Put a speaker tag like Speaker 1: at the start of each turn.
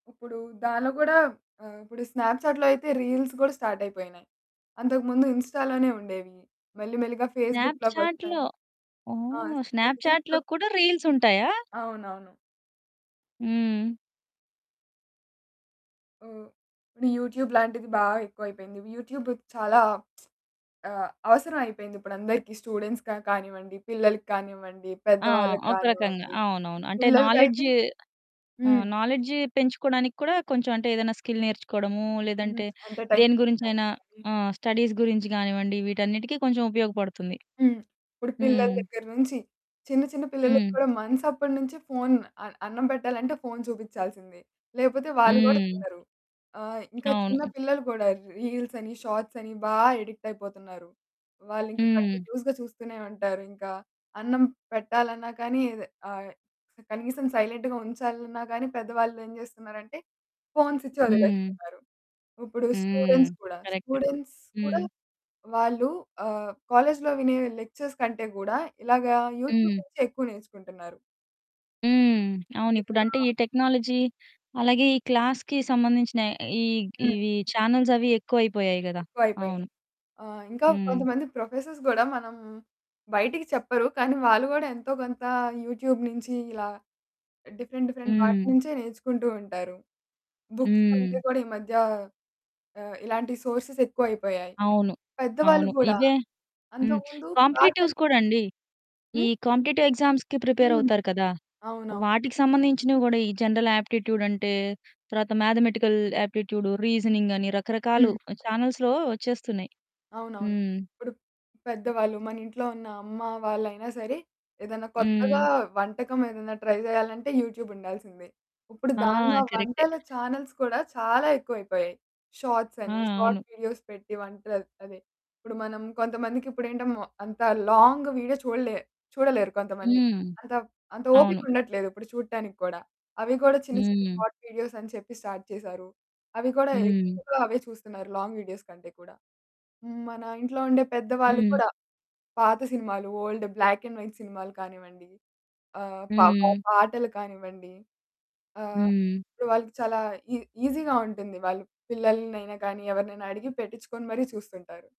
Speaker 1: ఇప్పుడు దాంట్లో గూడా ఆహ్, ఇప్పుడు స్నాప్‌చాట్‌లో అయితే, రీల్స్ కూడా స్టార్ట్ అయిపోయినాయి. అంతకు ముందు ఇన్‌స్టా‌లోనే ఉండేవి. మళ్ళి మెల్లిగా ఫేస్‌బుక్‌లోకొస్తాయి.
Speaker 2: స్నాప్‌చాట్‌లో,
Speaker 1: ఆ!
Speaker 2: ఓహ్! స్నాప్‌చాట్‌లో
Speaker 1: [unintelligible]
Speaker 2: కూడా రీల్స్ ఉంటాయా?
Speaker 1: అవునవును.
Speaker 2: హ్మ్.
Speaker 1: హ్మ్, అంటే యూట్యూబ్ లాంటిది బాగా ఎక్కువైపోయింది. యూట్యూబ్‌కి చాలా ఆహ్, అవసరమైయిపోయిందిప్పుడందరికి స్టూడెంట్స్‌గా కానివ్వండి, పిల్లలకి కానివ్వండి, పెద్ద
Speaker 2: ఆ!
Speaker 1: వాళ్ళకి
Speaker 2: ఒక రకంగా
Speaker 1: కానివ్వండి.
Speaker 2: అవునవును. అంటే నాలెడ్జ్
Speaker 1: పిల్లలకైతే హ్మ్.
Speaker 2: ఆహ్, నాలెడ్జ్ పెంచుకోవడానికి కూడా కొంచెం అంటే ఏదైనా స్కిల్ నేర్చుకోవడము,
Speaker 1: హ్మ్.
Speaker 2: లేదంటే
Speaker 1: అంటే టైమ్
Speaker 2: దేని
Speaker 1: పాస్
Speaker 2: గురించైనా
Speaker 1: అవుతాదని.
Speaker 2: ఆ! స్టడీస్ గురించి గానివ్వండి వీటన్నిటికీ కొంచెం ఉపయోగపడుతుంది.
Speaker 1: హ్మ్. ఇప్పుడు పిల్లల
Speaker 2: హ్మ్.
Speaker 1: దగ్గర నుంచి చిన్న, చిన్న పిల్లలకి
Speaker 2: హ్మ్.
Speaker 1: కూడా మంత్స్ అప్పటి నుంచి ఫోను, అ అన్నం పెట్టాలంటే ఫోన్ చూపిచాల్సిందే. లేపోతే వాళ్ళు కూడా
Speaker 2: హ్మ్.
Speaker 1: తినరు. ఆహ్, ఇంకా చిన్న
Speaker 2: అవును.
Speaker 1: పిల్లలు కూడా రీల్సని, షార్ట్సని బా ఎడిక్ట్ అయిపోతున్నారు. వాళ్ళింకా
Speaker 2: హ్మ్.
Speaker 1: కంటిన్యూయస్‌గా చూస్తూనే ఉంటారు. ఇంకా అన్నం పెట్టాలన్నా కానీ ఆహ్, కనీసం సైలెంట్‌గా ఉంచాలన్న గాని, పెద్దవాళ్ళు ఏమి చేస్తున్నారంటే, ఫోన్స్ ఇచ్చి
Speaker 2: హ్మ్.
Speaker 1: వదిలేస్తున్నారు. ఇప్పుడు
Speaker 2: హ్మ్.
Speaker 1: స్టూడెంట్స్ కూడా,
Speaker 2: కరెక్ట్.
Speaker 1: స్టూడెంట్స్ కూడా
Speaker 2: హ్మ్.
Speaker 1: వాళ్ళు ఆహ్, కాలేజ్లో వినే లెక్చర్స్ కంటే కూడా, ఇలాగా యూట్యూబ్
Speaker 2: హ్మ్.
Speaker 1: నుంచి ఎక్కువ నేర్చుకుంటున్నారు.
Speaker 2: హ్మ్. అవును.
Speaker 1: ఏదోలా
Speaker 2: ఇప్పుడంటే ఈ టెక్నాలజీ, అలాగే ఈ క్లాస్‌కి సంబంధించిన ఈగ్
Speaker 1: హ్మ్.
Speaker 2: ఇవి ఛానెల్సవి ఎక్కువైపోయాయి గదా!
Speaker 1: ఎక్కువైపోయాయి.
Speaker 2: అవును.
Speaker 1: ఆహ్, ఇంకా
Speaker 2: హ్మ్.
Speaker 1: కొంతమంది ప్రొఫెసర్స్ గూడా మనం బయటికి చెప్పరు, కానీ వాళ్ళు కూడా ఎంతో కొంత యూట్యూబ్ నుంచి ఇలా డిఫరెంట్, డిఫరెంట్ వాటి
Speaker 2: హ్మ్.
Speaker 1: నుంచే నేర్చుకుంటూ ఉంటారు. బుక్స్ కంటే
Speaker 2: హ్మ్.
Speaker 1: కూడా ఈ మధ్య ఆహ్, ఇలాంటి సోర్సెస్ ఎక్కువైపోయాయి.
Speaker 2: అవును.
Speaker 1: పెద్దవాళ్ళు
Speaker 2: అవును.
Speaker 1: గూడా
Speaker 2: ఇవే హ్మ్.
Speaker 1: అంతకు ముందు
Speaker 2: కాంపిటీటివ్స్
Speaker 1: పాటలు
Speaker 2: కూడా అండి. ఈ
Speaker 1: హ్మ్?
Speaker 2: కాంపిటీటివ్ ఎగ్జామ్స్‌కి
Speaker 1: హ్మ్.
Speaker 2: ప్రిపేరవుతారు కదా!
Speaker 1: అవునవును.
Speaker 2: వాటికి సంబంధించినవి గూడా, ఈ జనరల్ ఆప్టిట్యూడ్ అంటే తర్వాత మ్యాథమెటికల్ ఆప్టిట్యూడు, రీజనింగని రకరకాలు
Speaker 1: హ్మ్.
Speaker 2: ఛానెల్స్‌లో వచ్చేస్తున్నాయి.
Speaker 1: అవును. అవును.
Speaker 2: హ్మ్.
Speaker 1: ఇప్పుడు పెద్దవాళ్ళు మన ఇంట్లో ఉన్న అమ్మ వాళ్ళయినా సరే, ఏదైనా కొత్తగా
Speaker 2: హ్మ్.
Speaker 1: వంటకం ఏదైనా ట్రై చేయాలంటే యూట్యూబ్ ఉండాల్సిందే. ఇప్పుడు
Speaker 2: ఆ!
Speaker 1: దాంట్లో
Speaker 2: కరెక్టే.
Speaker 1: వంటల చానెల్స్ కూడా చాలా ఎక్కువైపోయాయి.
Speaker 2: ఆ!
Speaker 1: షార్ట్సని, షార్ట్
Speaker 2: అవును.
Speaker 1: వీడియోస్ పెట్టి వంటలు అదే, ఇప్పుడు మనం కొంతమందికి ఇప్పుడు ఏంట మొ అంత లాంగ్ వీడియో చూడలే చూడలేరు కొంతమంది.
Speaker 2: హ్మ్.
Speaker 1: అంత వ్ అంత
Speaker 2: అవును.
Speaker 1: ఓపిక ఉండట్లేదు ఇప్పుడు చూడటానికి కూడా. అవి కూడా చిన్న, చిన్న
Speaker 2: హ్మ్.
Speaker 1: షార్ట్ వీడియోస్ అని చెప్పి స్టార్ట్ చేసారు. అవి కూడా
Speaker 2: హ్మ్.
Speaker 1: ఎక్కువగా అవే చూస్తున్నారు. లాంగ్ వీడియోస్ కంటే కూడా. హ్మ్. మన ఇంట్లో ఉండే పెద్ద వాళ్ళు
Speaker 2: హ్మ్.
Speaker 1: కూడా పాత సినిమాలు, ఓల్డ్, బ్లాక్ అండ్ వైట్ సినిమాలు కానివ్వండి, ఆహ్, పా పా
Speaker 2: హ్మ్.
Speaker 1: పాటలు కానివ్వండి ఆహ్,
Speaker 2: హ్మ్.
Speaker 1: వాళ్ళకి చాలా ఈ ఈసీగా ఉంటుంది. వాళ్ళు పిల్లల్ని అయినా గానీ, ఎవరినైనా అడిగి పెట్టించుకొని మరి చూస్తుంటారు.